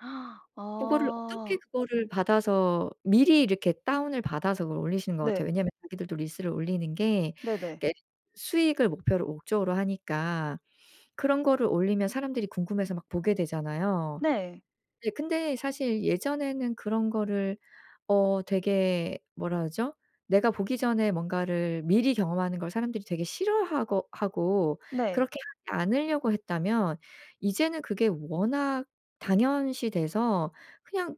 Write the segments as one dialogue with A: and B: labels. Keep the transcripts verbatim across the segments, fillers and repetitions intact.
A: 그거를 어떻게
B: 아.
A: 그거를 받아서 미리 이렇게 다운을 받아서 그걸 올리시는 것 같아요.
B: 네.
A: 왜냐하면 자기들도 릴스를 올리는 게
B: 네네.
A: 그러니까 수익을 목표를 목적으로 하니까 그런 거를 올리면 사람들이 궁금해서 막 보게 되잖아요.
B: 네.
A: 네 근데 사실 예전에는 그런 거를 어 되게 뭐라 그러죠? 내가 보기 전에 뭔가를 미리 경험하는 걸 사람들이 되게 싫어하거 하고
B: 네.
A: 그렇게 하지 않으려고 했다면 이제는 그게 워낙 당연시 돼서 그냥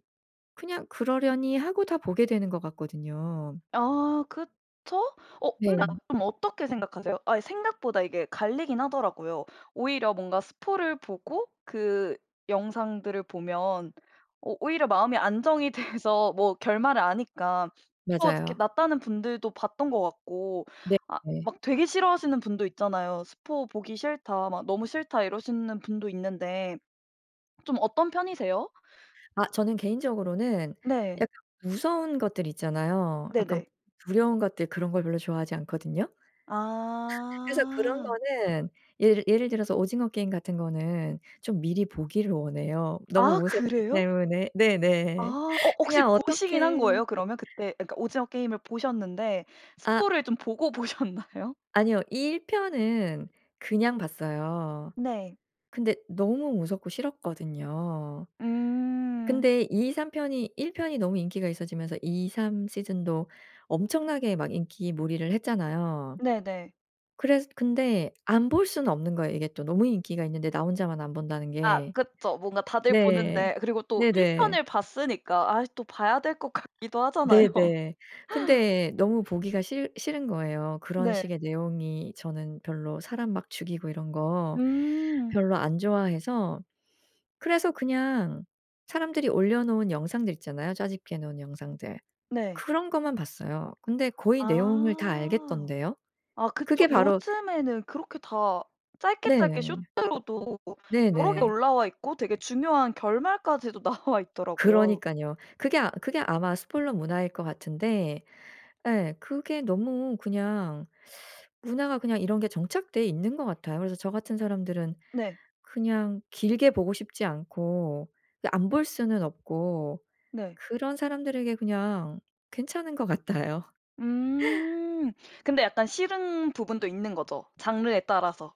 A: 그냥 그러려니 하고 다 보게 되는 것 같거든요.
B: 아 그쵸. 어
A: 네.
B: 근데 그럼 어떻게 생각하세요? 아 생각보다 이게 갈리긴 하더라고요. 오히려 뭔가 스포를 보고 그 영상들을 보면 어 오히려 마음이 안정이 돼서 뭐 결말을 아니까 또 어떻게
A: 맞아요.
B: 낫다는 분들도 봤던 것 같고 아
A: 네네.
B: 막 되게 싫어하시는 분도 있잖아요. "스포 보기 싫다. 막 너무 싫다." 이러시는 분도 있는데 좀 어떤 편이세요?
A: 아 저는 개인적으로는
B: 네.
A: 약간 무서운 것들 있잖아요. 약간
B: 네네.
A: 두려운 것들 그런 걸 별로 좋아하지 않거든요. 그래서 그런
B: 아.
A: 거는 예를 예를 들어서 오징어 게임 같은 거는 좀 미리 보기를 원해요. 너무
B: 아
A: 무섭기
B: 그래요?
A: 때문에. 네네.
B: 아. 어 혹시
A: 그냥
B: 보시긴 한
A: 어떻게.
B: 거예요? 그러면 그때 그러니까 오징어 게임을 보셨는데
A: 아.
B: 스포를 좀 보고 보셨나요?
A: 아니요. 일 편은 그냥 봤어요.
B: 네.
A: 근데 너무 무섭고 싫었거든요.
B: 음.
A: 근데 이삼 편이 일 편이 너무 인기가 있어지면서 이삼 season도 엄청나게 막 인기 몰이를 했잖아요.
B: 네네.
A: 그래서 근데 안 볼 수는 없는 거예요. 이게 또 너무 인기가 있는데 나 혼자만 안 본다는
B: 아
A: 게.
B: 그쵸. 뭔가 다들
A: 네.
B: 보는데 그리고 또 일
A: 네네.
B: 편을 봤으니까 아이 또 봐야 될 것 같기도 하잖아요.
A: 네네. 근데 너무 보기가 싫 싫은 거예요. 그런
B: 네.
A: 식의 내용이 저는 별로 사람 막 죽이고 이런 거
B: 음.
A: 별로 안 좋아해서 그래서 그냥 사람들이 올려놓은 영상들 있잖아요. 짜집기 해 놓은 영상들.
B: 네.
A: 그런 것만 봤어요. 근데 거의 내용을 다
B: 아.
A: 알겠던데요.
B: 아 그쵸.
A: 그게 바로
B: 요즘에는 그렇게 다 짧게 짧게
A: 네.
B: 쇼츠로도 여러 개
A: 네네.
B: 올라와 있고 되게 중요한 결말까지도 나와 있더라고요.
A: 그러니깐요. 그게 그게 아마 spoiler 문화일 것 같은데. 예. 그게 너무 그냥 문화가 그냥 이런 게 정착돼 있는 것 같아요. 그래서 저 같은 사람들은
B: 네.
A: 그냥 길게 보고 싶지 않고 근데 안 볼 수는 없고
B: 네.
A: 그런 사람들에게 그냥 괜찮은 것 같아요.
B: 음. 근데 약간 싫은 부분도 있는 거죠. 장르에 따라서.